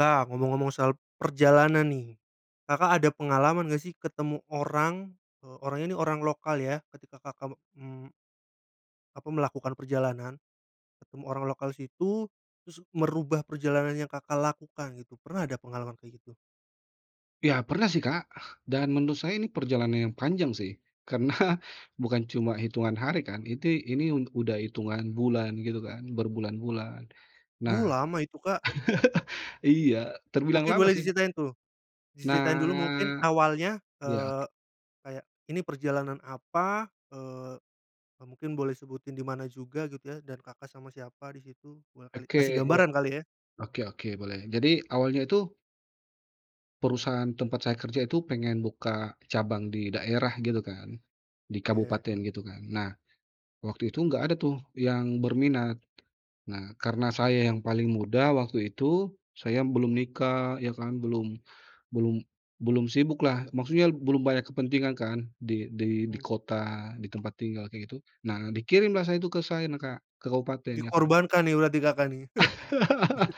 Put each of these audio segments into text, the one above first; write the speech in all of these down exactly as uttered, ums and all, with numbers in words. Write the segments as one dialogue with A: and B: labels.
A: Nah, ngomong-ngomong soal perjalanan nih. Kakak ada pengalaman nggak sih ketemu orang, eee, orang ini orang lokal ya ketika Kakak, mmm apa melakukan perjalanan, ketemu orang lokal situ terus merubah perjalanan yang Kakak lakukan gitu. Pernah ada pengalaman kayak gitu?
B: Ya pernah sih, Kak, dan menurut saya ini perjalanan yang panjang sih, karena bukan cuma hitungan hari, kan? Iti ini, un udah hitungan bulan gitu kan, berbulan-bulan. Nah
A: Wuh! lama itu, Kak.
B: iya, terbilang
A: Mungkin
B: lama,
A: boleh
B: sih.
A: diceritain tuh. Diceritain dulu mungkin
B: Nak
A: awalnya,
B: yak.
A: eee, kayak ini perjalanan apa? Eee, e mungkin boleh sebutin di mana juga gitu ya dan Kakak sama siapa di situ boleh kali,
B: Oke,
A: kasih
B: wa
A: gambaran kali ya?
B: oke oke boleh jadi awalnya tuh perusahaan tempat saya kerja itu pengen buka cabang di daerah gitu kan. Di
A: Ye.
B: kabupaten gitu kan. Nah, waktu itu enggak ada tuh yang berminat. Nah, karena saya yang paling muda waktu itu, saya belum nikah ya kan, belum belum belum sibuk lah maksudnya belum banyak kepentingan kan di di di
A: Hmm.
B: kota, di tempat tinggal kayak gitu, nah dikirimlah saya itu ke saina, Kak. Ke kabupaten, ya kan.
A: Dikorbankan nih berarti Kakak nih.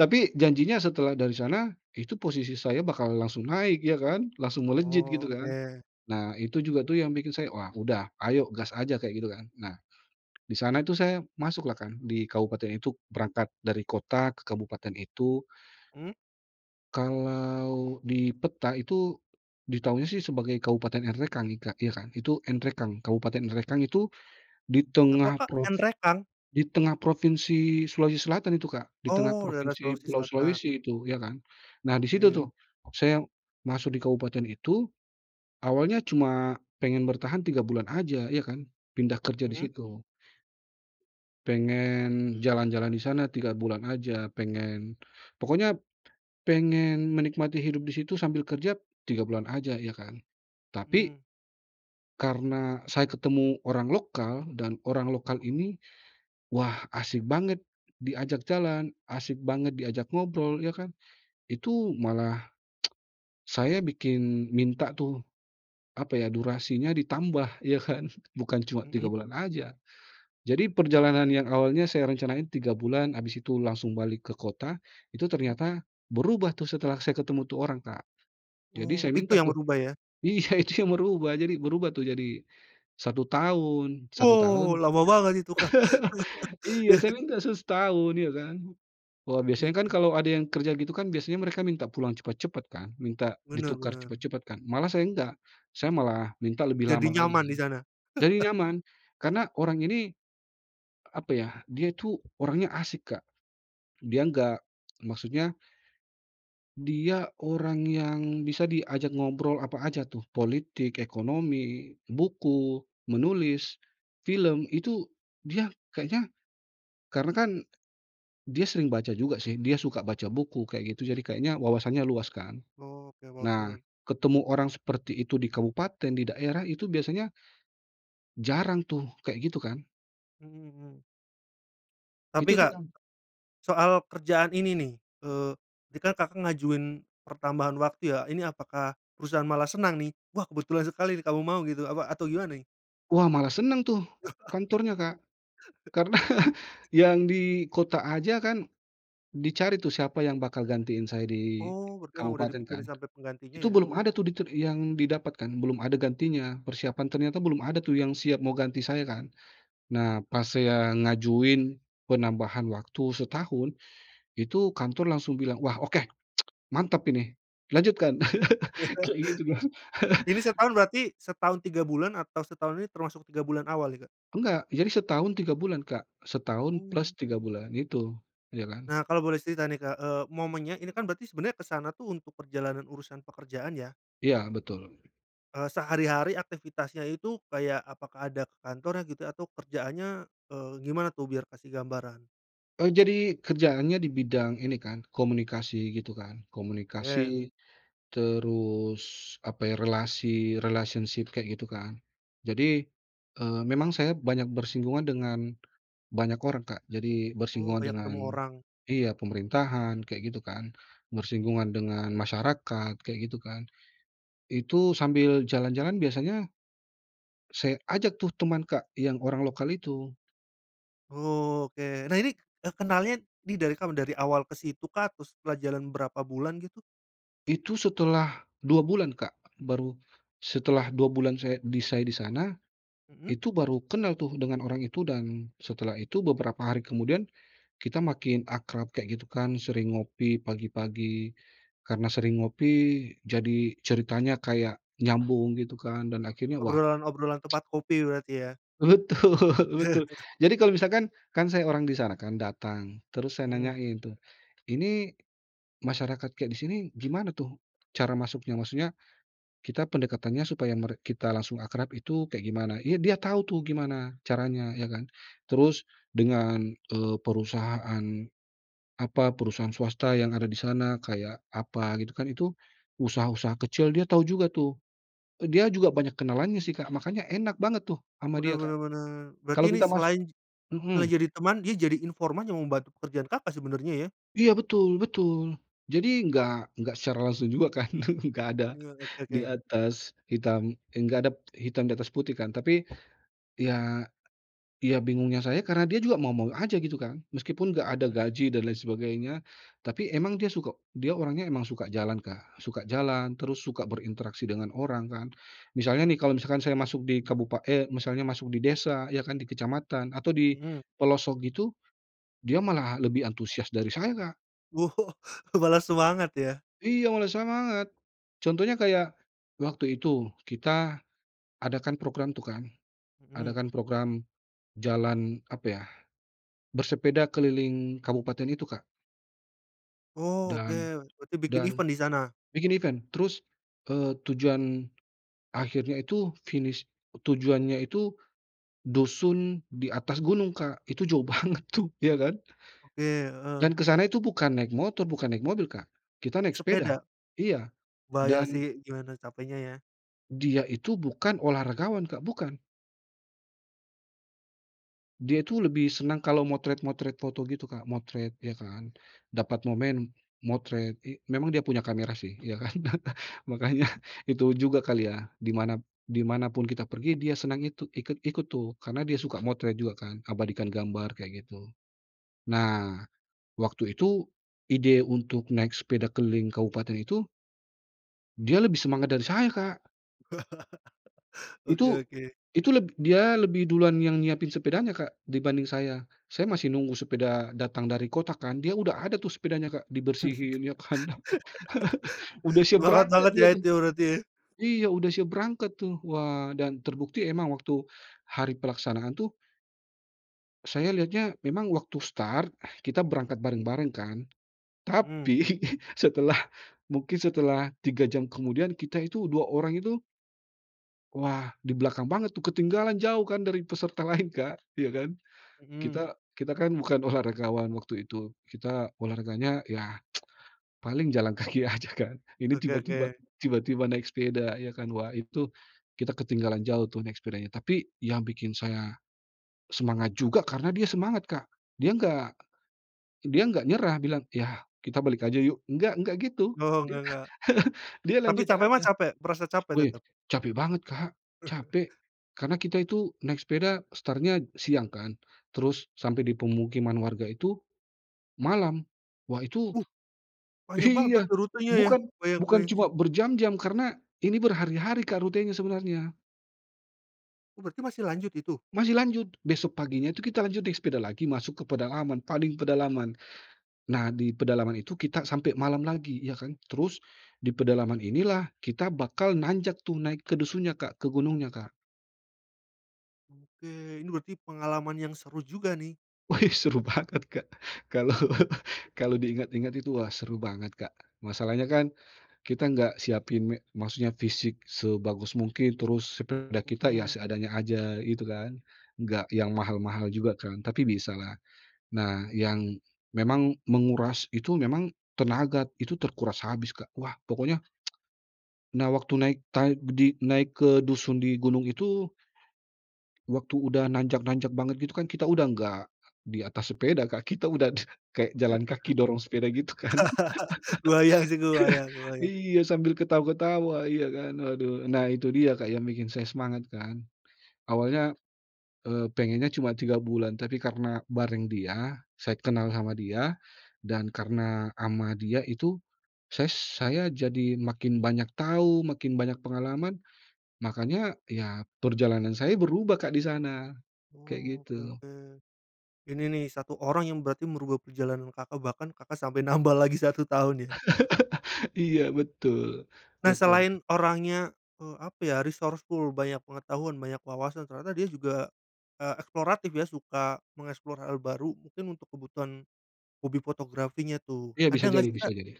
B: Tapi janjinya setelah dari sana, itu posisi saya bakal langsung naik ya kan, langsung melejit
A: Oh,
B: gitu kan.
A: oke.
B: Nah Itu juga tuh yang bikin saya, "Wah, udah ayo gas aja," kayak gitu kan. Nah, di sana tuh saya masuk lah kan di kabupaten itu berangkat dari kota ke kabupaten itu
A: Mmm.
B: Kalau di peta itu, ditahunya sih sebagai Kabupaten Enrekang ik Kak, ya kan. Itu Enrekang, Kabupaten Enrekang itu di
A: Apa,
B: tengah
A: Kak?
B: props
A: Enrekang?
B: di tengah Provinsi Sulawesi Selatan itu Kak, di tengah
A: Oh, daerah
B: provinsi
A: Sulawesi
B: Pulau
A: Selatan.
B: Sulawesi itu ya kan. Nah di situ
A: Ye.
B: tuh saya masuk di kabupaten itu awalnya cuma pengen bertahan tiga bulan aja ya kan, pindah kerja di
A: Mhm.
B: situ. Pengen jalan-jalan di sana tiga bulan aja pengen, pokoknya pengen menikmati hidup di situ sambil kerja tiga bulan aja ya kan, tapi
A: Mhm.
B: karena saya ketemu orang lokal, dan orang lokal ini wah asik banget diajak jalan, asik banget diajak ngobrol, ya kan. Itu malah saya bikin minta tuh apa ya, durasinya ditambah ya kan, bukan cuma tiga
A: Mhm.
B: bulan aja. Jadi perjalanan yang awalnya saya rencanain tiga bulan, abis itu langsung balik ke kota, itu
A: Mmm.
B: ternyata berubah tuh setelah saya ketemu tuh orang, Kak. Jadi
A: Oh,
B: saya
A: itu
B: minta
A: yang
B: tuh
A: berubah ya?
B: iya itu yang berubah jadi berubah tuh jadi satu tahun, satu
A: Wow!
B: tahun.
A: lama banget itu kah,
B: Iya
A: ya.
B: saya minta se setahun ya kan. Wah biasanya kan
A: Oke.
B: kalau ada yang kerja gitu kan biasanya mereka minta pulang cepet-cepet kan. Minta
A: Bener
B: ditukar
A: bener.
B: cepet-cepet kan? Malah saya enggak, saya malah minta lebih
A: Jadi
B: lama lagi
A: nyaman
B: kan,
A: disana.
B: jadi nyaman. Karena orang ini, apa yah dia tuh orangnya asik, Kak. Dia enggak, maksudnya dia orang yang bisa diajak ngobrol apa aja tuh. Politik, ekonomi, buku, menulis, film, itu dia kayanya karena kan dia sering baca juga sih, dia suka baca buku, kayak gitu. Jadi kayaknya wawasannya luas kan.
A: Oke,
B: Nah
A: wawasannya.
B: ketemu orang seperti itu di kabupaten, di daerah itu biasanya jarang tuh, kek gitu kan?
A: Mhm mhm. Tapi,
B: Itu tuh
A: Kak
B: kan
A: soal kerjaan ini nih. Eee, tadikan Kakak ngajuin pertambahan waktu ya? Ini apakah perusahaan malah senang nih, "Wah kebetulan sekali kamu mau," gitu apa atau gimana nih?
B: Wah malah senang tuh kantornya, Kak. Karena yang di kota aja kan dicari tuh siapa yang bakal gantiin saya di
A: Oh, berarti emang udah
B: kabupaten kan.
A: dipikirin sampe penggantinya
B: Itu
A: ya.
B: belum ada tuh ditut yang didapatkan, belum ada gantinya, persiapan ternyata belum ada tuh yang siap mau ganti saya kan. Nah pas saya ngajuin penambahan waktu setahun, itu kantor langsung bilang, "Wah oke, mantap ini! Lanjutkan!" Kayak gitu kan.
A: Ini setahun berarti, setahun tiga bulan atau setahun ini termasuk tiga bulan awal ya, Kak?
B: Enggak. Jadi setahun tiga bulan Kak. Setahun plus tiga
A: Oke.
B: bulan itu. Ya kan.
A: Nah kalo boleh cerita nih Kak, eee, momennya ini kan berarti sebenernya ke sana tuh untuk perjalanan urusan pekerjaan ya?
B: Iya betul.
A: Eee, sehari-hari aktivitasnya itu kayak apakah ada ke kantornya gitu? Atau kerjaannya, eee, gimana tuh, biar kasih gambaran?
B: Eee, jadi kerjaannya di bidang ini kan komunikasi gitu kan.
A: Ye.
B: Komunikasi, terus apa ya? Relasi, relationship kek gitu kan. Jadi, eee, memang saya banyak bersinggungan dengan banyak orang, Kak. Jadi
A: Oh,
B: bersinggungan
A: banyak
B: dengan
A: ketemu orang.
B: iya pemerintahan kayak gitu kan, bersinggungan dengan masyarakat kayak gitu kan. Itu sambil jalan-jalan biasanya saya ajak tuh teman Kak, yang orang lokal itu.
A: Oke. Nah ini, eee, kenalnya di dari kapan? Dari awal kesitu kah? Atau setelah jalan berapa bulan gitu?
B: Itu setelah dua bulan, Kak. Baru setelah dua bulan saya di saya di sana
A: Mhm.
B: itu baru kenal tuh dengan orang itu dan setelah itu beberapa hari kemudian kita makin akrab kek gitu kan. Sering ngopi pagi-pagi, karena sering ngopi jadi ceritanya kayak nyambung gitu kan dan akhirnya wah.
A: Obrolan-obrolan tempat kopi berarti ya?
B: Betul betul. Jadi kalau misalkan, kan saya orang di sana kan datang terus saya
A: Mmm.
B: nanyain tuh, "Ini masyarakat kayak di sini gimana tuh cara masuknya?" Maksudnya kita pendekatannya supaya merek kita langsung akrab itu kayak gimana? Ya dia tahu tuh gimana caranya, ya kan. Terus dengan, eee, perusahaan, apa, perusahaan swasta yang ada di sana kayak apa gitu kan, itu usaha-usaha kecil dia tahu juga tuh. E dia juga banyak kenalannya sih Kak, makanya enak banget tuh ama
A: Bener
B: dia Kak.
A: bener bener. Berarti
B: Kalo
A: ini
B: kita mas
A: selain selain
B: mhm.
A: jadi teman dia jadi informan yang membantu pekerjaan, Kakak sebenernya ya?
B: Iya betul betul, jadi nggak, nggak secara langsung juga kan. Nggak ada
A: Iya, oke oke.
B: di atas hitam eh enggak ada p hitam di atas putih kan. Tapi, ya ya bingungnya saya karena dia juga mau-mau aja gitu kan, meskipun enggak ada
A: Mhm.
B: gaji dan lain sebagainya, tapi emang dia suka dia orangnya emang suka jalan Kak, suka jalan, terus suka berinteraksi dengan orang kan. Misalnya nih, kalau misalkan saya masuk di kabupa eee, misalnya masuk di desa ya kan, di kecamatan, atau di
A: Mhm.
B: pelosok gitu, dia malah lebih antusias dari saya, Kak.
A: Oh, malah semangat ya?
B: Iya, malah semangat. Contohnya kayak waktu itu, kita adakan program tuh kan.
A: Mhm.
B: Adakan program, jalan apa yah? Bersepeda keliling kabupaten itu, Kak.
A: Oh, oke
B: Dan
A: berarti bikin
B: dan
A: event di sana?
B: bikin event. Terus, eee, tujuan akhirnya itu finish tujuannya itu, dusun di atas gunung, Kak. Itu jauh banget tuh, ya kan?
A: Oke, heeh.
B: Dan kesana itu bukan naik motor, bukan naik mobil, Kak. Kita naik sepeda,
A: Sepeda.
B: iya
A: Kebayang
B: dan
A: sih, gimana capeknya ya?
B: dia itu bukan olahragawan, Kak. Bukan. Dia tuh lebih senang kalau motret-motret foto gitu, Kak, motret ya kan. Dapat momen motret i memang dia punya kamera sih, ya kan? Makanya itu juga kali ya di mana di manapun kita pergi dia senang itu ikut-ikut tuh karena dia suka motret juga kan abadikan gambar kaya gitu. Nah, waktu itu ide untuk naik sepeda keliling kabupaten itu dia lebih semangat dari saya, Kak.
A: Oke
B: Itu
A: oke.
B: itu leb dia lebih duluan yang nyiapin sepedanya, Kak dibanding saya. Saya masih nunggu sepeda datang dari kota kan, dia udah ada tuh sepedanya, Kak. Dibersihin ya kan udah siap
A: Banget
B: berangkat
A: banget
B: dia
A: ya
B: tuh.
A: itu berarti ya?
B: Iya udah siap berangkat tuh. Wah, dan terbukti emang waktu hari pelaksanaan tuh Saya lihatnya memang waktu start, kita berangkat bareng-bareng kan.
A: Mmm.
B: Tapi setelah mungkin setelah tiga jam kemudian kita itu dua orang itu wah di belakang banget tuh ketinggalan jauh kan dari peserta lain Kak, ya kan.
A: Mhm.
B: Kita kita kan bukan olahragawan waktu itu kita olahraganya yah paling jalan kaki aja kan. Ini
A: Oke
B: tiba-tiba
A: oke.
B: tiba-tiba naik sepeda ya kan wah itu, kita ketinggalan jauh tuh naik sepedanya. Tapi, yang bikin saya, semangat juga karena dia semangat Kak, dia nggak dia nggak nyerah bilang, "Yah kita balik aja yuk" nggak nggak gitu,
A: Oh,
B: dia
A: nggak nggak.
B: dia
A: Tapi
B: lanjut
A: capek mah
B: aja.
A: capek, merasa capek
B: Weh,
A: tetep?
B: capek banget Kak, capek. Karena kita itu naik sepeda startnya siang kan. Terus sampe di pemukiman warga itu, malam. Wah itu
A: Wuh! panjang banget
B: iya,
A: berarti rutenya ya?
B: bukan
A: Kebayang
B: bukan
A: kebayang
B: cuma
A: sih.
B: berjam-jam karena ini berhari-hari Kak rutenya sebenarnya.
A: Oh berarti masih lanjut itu?
B: Masih lanjut, besok paginya itu kita lanjut di sepeda lagi masuk ke pedalaman paling pedalaman. Nah di pedalaman itu kita sampai malam lagi, ya kan. Terus di pedalaman inilah kita bakal nanjak tuh naik ke dusun nya Kak, ke Gunungnya, Kak.
A: Oke, ini berarti pengalaman yang seru juga nih.
B: Wih seru banget, Kak. Kalo kalo diingat-ingat itu wah seru banget, Kak. Masalahnya kan kita enggak siapin me maksudnya fisik sebagus mungkin terus sepeda kita ya
A: Mhm.
B: seadanya aja itu kan, enggak yang mahal-mahal juga kan tapi bisa lah. Nah yang memang menguras itu memang tenaga itu terkuras habis, Kak. Wah, pokoknya nah waktu naik ta di naik ke dusun di gunung itu waktu udah nanjak-nanjak banget gitu kan kita udah enggak di atas sepeda, Kak. Kita udah kayak jalan kaki dorong sepeda gitu kan,
A: Kebayang sih kebayang kebayang.
B: iya sambil ketawa-ketawa iya kan, waduh. Nah itu dia Kak yang bikin saya semangat kan. Awalnya, eee, pengennya cuma tiga bulan tapi karena bareng dia, saya kenal sama
A: Heeh.
B: dia dan karena ama dia itu, ses saya jadi makin banyak tau, makin banyak pengalaman. Makanya ya perjalanan saya berubah, Kak disana kayak
A: Oh, oke
B: gitu.
A: oke. Ini nih satu orang yang berarti merubah perjalanan Kakak, bahkan Kakak sampai nambah lagi satu tahun ya?
B: Iya betul
A: Nah
B: betul.
A: selain orangnya, eee, apa ya resourceful, banyak pengetahuan, banyak wawasan, ternyata dia juga, eee, eksploratif ya suka mengeksplor hal baru mungkin untuk kebutuhan, hobi fotografinya tuh.
B: Iya bisa
A: Ada enggak
B: jadi
A: sih,
B: bisa
A: Kak
B: jadi.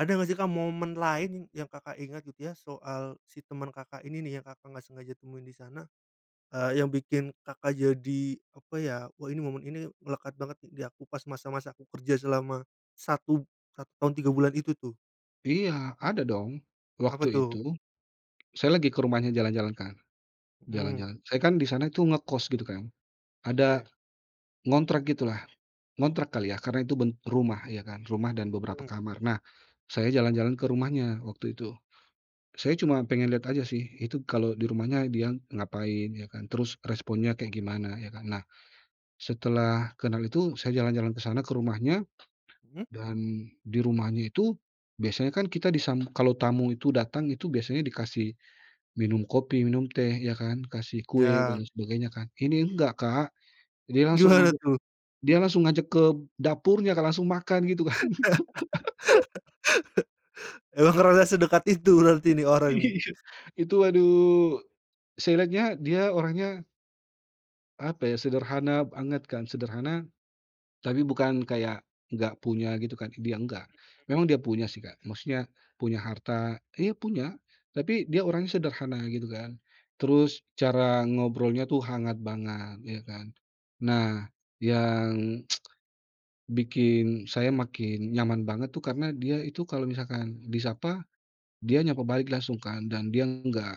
A: ada enggak sih, Kak momen lain yang Kakak ingat gitu ya soal si temen Kakak ini nih yang Kakak enggak sengaja temuin di sana, eee, yang bikin Kakak jadi apa ya, "Oh ini momen ini melekat banget nih di aku pas masa-masa aku kerja selama, satu, satu tahun tiga bulan itu tuh."
B: Iya ada dong.
A: Apa
B: Waktu
A: tuh?
B: itu saya lagi ke rumahnya jalan-jalan, Kak,
A: Mmm.
B: jalan-jalan. Saya kan di sana tuh ngekos gitu kan. Ada
A: Te.
B: ngontrak gitulah, ngontrak kali yah karena itu ben rumah ya kan. Rumah dan beberapa
A: Hmm.
B: kamar. Nah saya jalan-jalan ke rumahnya waktu itu, saya cuma pengen lihat aja sih itu kalau di rumahnya dia ngapain, ya kan. Terus responnya kayak gimana, ya kan. Nah setelah kenal itu saya jalan-jalan ke sana ke rumahnya
A: Mmm.
B: dan di rumahnya itu biasanya kan kita disam kalau tamu itu datang itu biasanya dikasih minum kopi, minum teh, ya kan, kasih kue
A: Ya.
B: dan sebagainya kan. Ini enggak Kak, dia langsung
A: Gimana
B: ajak,
A: tuh?
B: dia langsung ngajak ke dapurnya Kak langsung makan gitu kan.
A: Emang ngerasa sedekat itu berarti ini orang nih.
B: Iya, itu aduh saya liatnya dia orangnya apa ya? Sederhana banget kan, sederhana, tapi bukan kayak enggak punya gitu kan, dia nggak.
A: Mhm.
B: Memang dia punya sih Kak maksudnya punya harta, iya punya, tapi dia orangnya sederhana gitu kan. Terus cara ngobrolnya tuh hangat banget ya kan. Nah yang bikin saya makin nyaman banget tuh karena dia itu kalau misalkan disapa dia nyapa balik langsung kan dan dia nggak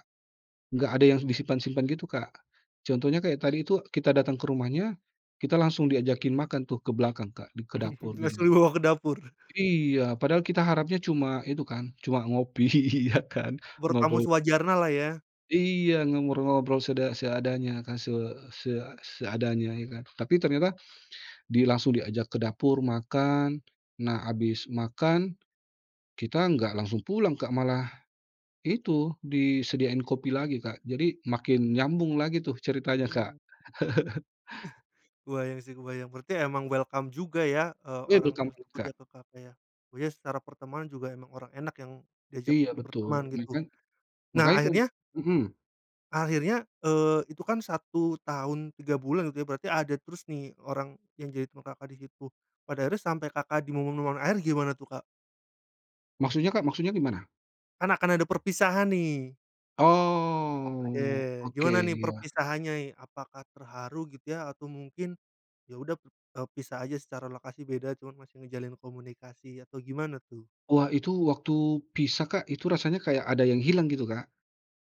B: nggak ada yang disimpan-simpan gitu, Kak. Contohnya kayak tadi itu kita datang ke rumahnya kita langsung diajakin makan tuh ke belakang Kak di ke dapur, gitu
A: Langsung
B: kan.
A: dibawa ke dapur.
B: Iya padahal kita harapnya cuma itu kan cuma ngopi ya kan,
A: Menurut kamu
B: ngobrol.
A: sewajarnya lah ya.
B: Iya ngobrol-ngobrol seda seadanya kan se se seadanya ya kan. Tapi ternyata di langsung diajak ke dapur makan, nah abis makan kita nggak langsung pulang Kak malah, itu, disediain kopi lagi Kak. Jadi makin nyambung lagi tuh ceritanya, Kak.
A: Hmm. Eh, kebayang sih kebayang, berarti emang welcome juga ya, eee,
B: Weh!
A: orang
B: welcome bet,
A: tersebut
B: Kak.
A: ya ke kafe yah. Oh ya secara pertemuan juga emang orang enak yang diajak
B: Iya betul
A: berteman
B: ne
A: gitu.
B: kan?
A: Nah
B: Makanya kan
A: akhirnya
B: mhm.
A: akhirnya, eee, itu kan satu tahun tiga bulan gitu ya berarti ada terus nih orang yang jadi [unintelligible] Kakak disitu. Pada akhirnya sampe Kakak di momen-momen akhir gimana tuh, Kak?
B: Maksudnya, Kak? Maksudnya gimana?
A: Kan akan ada perpisahan nih.
B: Oh,
A: Oke,
B: oke
A: gimana nih
B: ya.
A: perpisahannya apakah terharu gitu ya? Atau mungkin ya udah p e pisah aja secara lokasi beda, cuman masih menjalin komunikasi atau gimana tuh?
B: Wah, itu waktu pisah Kak itu rasanya kayak ada yang hilang gitu, Kak.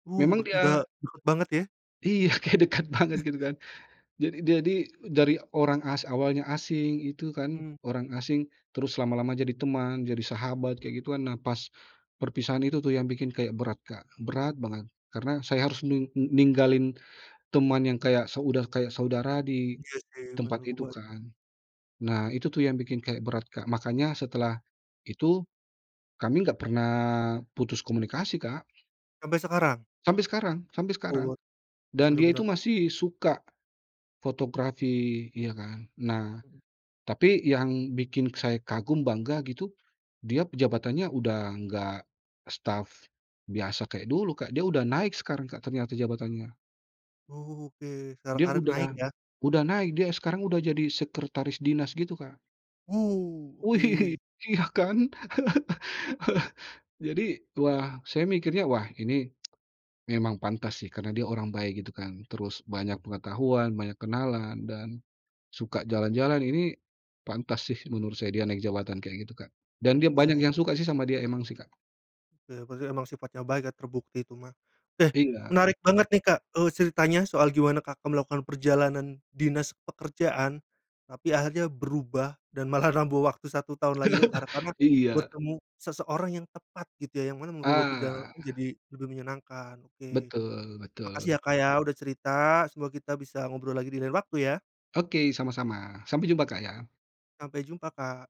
A: Wuh!
B: Memang
A: Berkuda,
B: dia
A: deket banget ya?
B: Iya, kayak dekat banget gitu kan. Jad jadi dari orang as awalnya asing, itu kan
A: Mmm.
B: orang asing terus lama-lama jadi teman, jadi sahabat kayak gitu kan. Nah pas perpisahan itu tuh yang bikin kayak berat Kak, berat banget karena saya harus nung n ninggalin teman yang kayak so udah kayak saudara di
A: Iya sih.
B: tempat itu
A: [unintelligible]
B: kan. Nah itu tuh yang bikin kayak berat, Kak. Makanya setelah itu kami enggak pernah putus komunikasi, Kak.
A: Sampai sekarang?
B: Sampe sekarang sampe sekarang,
A: Oh,
B: dan
A: bener
B: dia itu
A: bener.
B: masih suka fotografi iya kan. Nah,
A: Mhm.
B: tapi yang bikin saya kagum bangga gitu dia pejabatannya udah enggak staf biasa kek dulu, Kak. Dia udah naik sekarang, Kak ternyata jabatannya.
A: Oke, secara
B: Dia
A: karir naik
B: udah
A: ya?
B: udah naik, dia sekarang udah jadi sekretaris dinas gitu, Kak.
A: Wu!
B: Wih,
A: oke.
B: iya kan. Jadi wah saya mikirnya, wah ini memang pantas sih karena dia orang baik gitu kan, terus banyak pengetahuan, banyak kenalan, dan suka jalan-jalan. Ini pantas sih menurut saya dia naik jabatan kayak gitu, Kak. Dan dia banyak
A: Oh.
B: yang suka sih sama dia, emang sih Kak.
A: Ya berarti emang sifatnya baik ya terbukti itu mah. Eh
B: Iya,
A: menarik banget
B: betul.
A: nih, Kak, eee, ceritanya soal gimana Kakak melakukan perjalanan dinas pekerjaan. Tapi akhirnya berubah dan malah nambah waktu satu tahun lagi kar karena
B: Iya.
A: bertemu seseorang yang tepat gitu ya. Yang mana merubah perjalanan
B: Ah.
A: menjadi lebih menyenangkan, oke.
B: Betul
A: Makasih
B: betul.
A: ya, Kak ya udah cerita semoga kita bisa ngobrol lagi di lain waktu ya.
B: Oke sama-sama sampai jumpa, Kak ya.
A: Sampai jumpa, Kak.